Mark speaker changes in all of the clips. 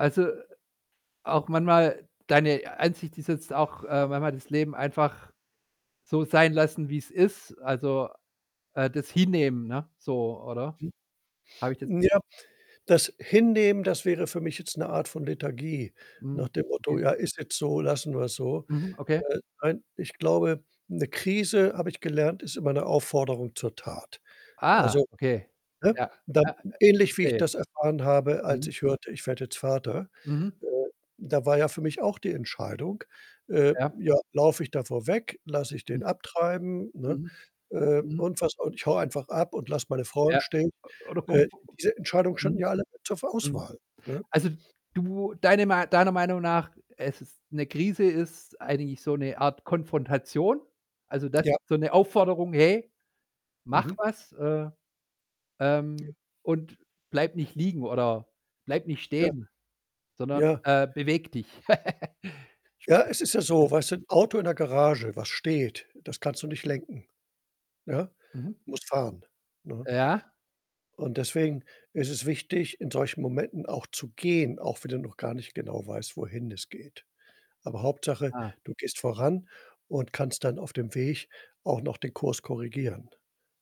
Speaker 1: Also, auch manchmal deine Ansicht ist jetzt auch, äh, manchmal das Leben einfach so sein lassen, wie es ist. Also, äh, das hinnehmen, ne, so oder?
Speaker 2: Hm.
Speaker 1: Habe ich das
Speaker 2: Ja, das Hinnehmen, das wäre für mich jetzt 'ne Art von Lethargie
Speaker 1: Hm,
Speaker 2: nach dem Motto:
Speaker 1: okay.
Speaker 2: „Ja, ist jetzt so, lassen wir's so.“
Speaker 1: Mhm, okay.
Speaker 2: Äh, nein, ich glaube 'ne Krise, habe ich gelernt, ist immer 'ne Aufforderung zur Tat.
Speaker 1: Ah,
Speaker 2: Also,
Speaker 1: okay.
Speaker 2: ne,
Speaker 1: Ja,
Speaker 2: dann
Speaker 1: ja, äh,
Speaker 2: ähnlich wie ich
Speaker 1: verstehe.
Speaker 2: das erfahren habe, als
Speaker 1: Mhm.
Speaker 2: ich hörte, ich werde jetzt Vater.
Speaker 1: Mhm.
Speaker 2: Äh, da war ja für mich auch die Entscheidung, äh,
Speaker 1: Ja.
Speaker 2: ja, laufe ich davor weg, lasse ich den
Speaker 1: Hm.
Speaker 2: abtreiben, ne,
Speaker 1: Mhm.
Speaker 2: äh,
Speaker 1: Mhm.
Speaker 2: und was. Und ich haue einfach ab und lasse meine Frau
Speaker 1: Ja.
Speaker 2: im
Speaker 1: Äh,
Speaker 2: Stich.
Speaker 1: oder
Speaker 2: Äh, diese
Speaker 1: [unintelligible]
Speaker 2: Entscheidungen standen
Speaker 1: mhm.
Speaker 2: ja alle zur ver
Speaker 1: Mhm.
Speaker 2: Auswahl, ne?
Speaker 1: Also, du deine ma deiner Meinung nach, es ist 'ne Krise ist eigentlich so 'ne Art Konfrontation. Also, das
Speaker 2: Ja.
Speaker 1: so 'ne Aufforderung: „Hey, mach
Speaker 2: Mhm.
Speaker 1: was“, äh,
Speaker 2: Ja.
Speaker 1: ähm, und „Bleib nicht liegen oder bleib nicht
Speaker 2: Ja.
Speaker 1: stehen, sondern,
Speaker 2: Ja.
Speaker 1: äh, bewege dich.“
Speaker 2: Ja, es ist ja
Speaker 1: [unintelligible]
Speaker 2: so, weißt du, 'n Auto in der Garage, was steht, das kannst du nicht lenken, ne?
Speaker 1: Mhm.
Speaker 2: Du musst fahren, ne?
Speaker 1: Ja.
Speaker 2: Und deswegen ist es wichtig, in solchen Momenten auch zu gehen, auch wenn du noch gar nicht genau weißt, wohin es geht. Aber Hauptsache,
Speaker 1: Ah.
Speaker 2: du gehst voran und kannst dann auf dem Weg auch noch den Kurs korrigieren.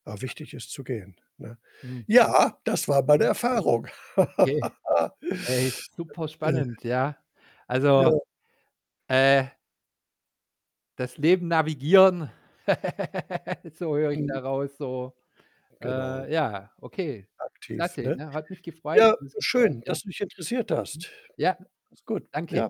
Speaker 2: Aber
Speaker 1: Ah.
Speaker 2: wichtig ist zu gehen, ne?
Speaker 1: Hm.
Speaker 2: Ja, das war mal 'ne
Speaker 1: Mhm.
Speaker 2: Erfahrung.
Speaker 1: Okay. Ey, super
Speaker 2: Äh
Speaker 1: spannend, ja? Also,
Speaker 2: Ja.
Speaker 1: äh das Leben navigieren, so höre ich
Speaker 2: Mhm.
Speaker 1: daraus so.
Speaker 2: Genau.
Speaker 1: Äh, ja, okay.
Speaker 2: Aktiv,
Speaker 1: Klasse,
Speaker 2: ne?
Speaker 1: ne? Hat mich gefreut
Speaker 2: Ja,
Speaker 1: für das Gespräch,
Speaker 2: schön,
Speaker 1: ja?
Speaker 2: dass du dich interessiert
Speaker 1: Mhm,
Speaker 2: hast.
Speaker 1: ja,
Speaker 2: Ist gut,
Speaker 1: danke.
Speaker 2: ja.